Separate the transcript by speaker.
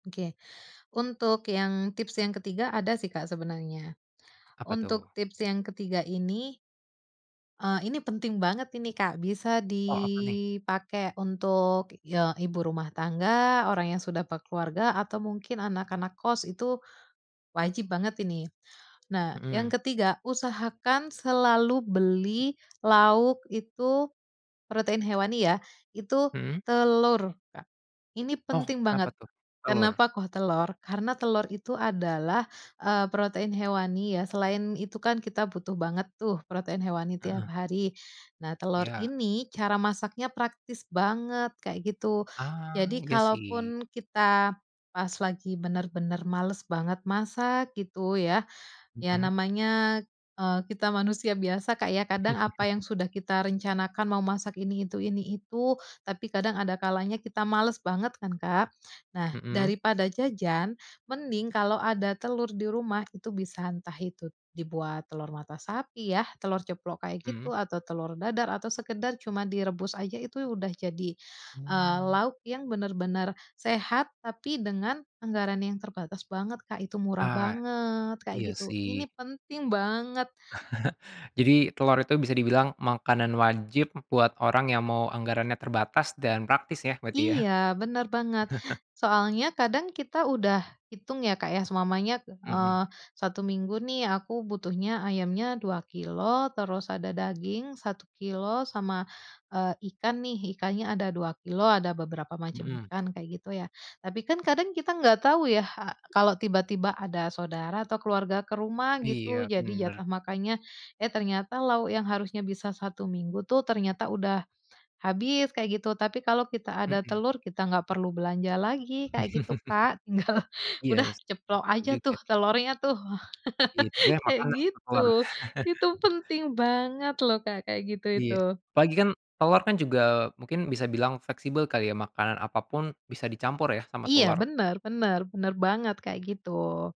Speaker 1: Oke. Untuk yang, tips yang ketiga ada sih Kak, sebenarnya.
Speaker 2: Apa
Speaker 1: Untuk,
Speaker 2: tuh?
Speaker 1: tips yang ketiga ini eee, ini penting banget ini Kak, bisa
Speaker 2: Oh, apa nih?
Speaker 1: dipakai untuk, ya ibu rumah tangga, orang yang sudah bekeluarga atau mungkin anak-anak kos, itu wajib banget ini. Nah, yang
Speaker 2: Mhm.
Speaker 1: ketiga usahakan selalu beli lauk itu, protein hewani ya, itu
Speaker 2: Mhm?
Speaker 1: telur Kak. Ini
Speaker 2: Oh,
Speaker 1: penting
Speaker 2: kenapa
Speaker 1: banget.
Speaker 2: tuh? Telur.
Speaker 1: Kenapa kok telur? Karena, telur itu adalah, e protein hewani, ya. Selain itu kan, kita butuh banget tuh, protein hewani tiap
Speaker 2: Heeh.
Speaker 1: hari. Nah, telur
Speaker 2: Iya.
Speaker 1: ini cara masaknya praktis banget, kayak gitu.
Speaker 2: Ah,
Speaker 1: Jadi,
Speaker 2: iya sih.
Speaker 1: kalaupun kita pas lagi benar-benar malas banget masak, gitu ya, ya
Speaker 2: Mhm.
Speaker 1: namanya, eee, kita manusia biasa Kak, ya kadang apa yang sudah kita rencanakan mau masak ini itu ini itu, tapi kadang ada kalanya kita males banget kan, Kak. Nah,
Speaker 2: Mhm?
Speaker 1: daripada jajan mending kalau ada telur di rumah itu bisa, entah itu dibuat telur mata sapi ya, telur ceplok, kayak
Speaker 2: Mhm.
Speaker 1: gitu, atau telur dadar, atau sekedar cuma direbus aja, itu udah jadi, eee,
Speaker 2: Hmm.
Speaker 1: lauk yang benar-benar sehat, tapi dengan anggaran yang terbatas banget Kak, itu murah
Speaker 2: Ah,
Speaker 1: banget, kayak
Speaker 2: iya
Speaker 1: gitu,
Speaker 2: sih.
Speaker 1: ini penting banget.
Speaker 2: Jadi, telur itu bisa dibilang makanan wajib buat orang yang mau anggarannya terbatas, dan praktis ya, berarti ya?
Speaker 1: Iya, benar banget. Soalnya, kadang kita udah hitung ya, Kak, ya, seumpamanya,
Speaker 2: Mhm.
Speaker 1: eee, 1 minggu nih, aku butuhnya ayamnya 2 kilogram, terus ada daging 1 kilogram, sama, eee, ikan nih, ikannya ada 2 kilogram ada beberapa macam
Speaker 2: Mhm.
Speaker 1: ikan, kayak gitu ya. Tapi kan, kadang kita nggak tahu ya, ha kalau tiba-tiba ada saudara atau keluarga ke rumah gitu,
Speaker 2: Iya,
Speaker 1: jadi
Speaker 2: benar.
Speaker 1: jatah makannya, eh, ternyata lauk yang harusnya bisa 1 minggu tuh ternyata udah habis, kayak gitu. Tapi, kalau kita ada
Speaker 2: Mhm.
Speaker 1: telur, kita nggak perlu belanja lagi, kayak gitu Kak, tinggal,
Speaker 2: Iya
Speaker 1: udah
Speaker 2: sih
Speaker 1: ceplok
Speaker 2: s
Speaker 1: aja tuh
Speaker 2: juga.
Speaker 1: telurnya tuh,
Speaker 2: Iya, ini yang
Speaker 1: kayak
Speaker 2: makan [unintelligible] sama telur.
Speaker 1: gitu. Itu penting banget loh Kak, kayak gitu itu.
Speaker 2: Iya, apalagi kan, telor kan juga, mungkin bisa bilang fleksibel kali ya, makanan apapun bisa dicampur ya, sama
Speaker 1: Iya,
Speaker 2: telor.
Speaker 1: benar benar benar banget, kayak gitu.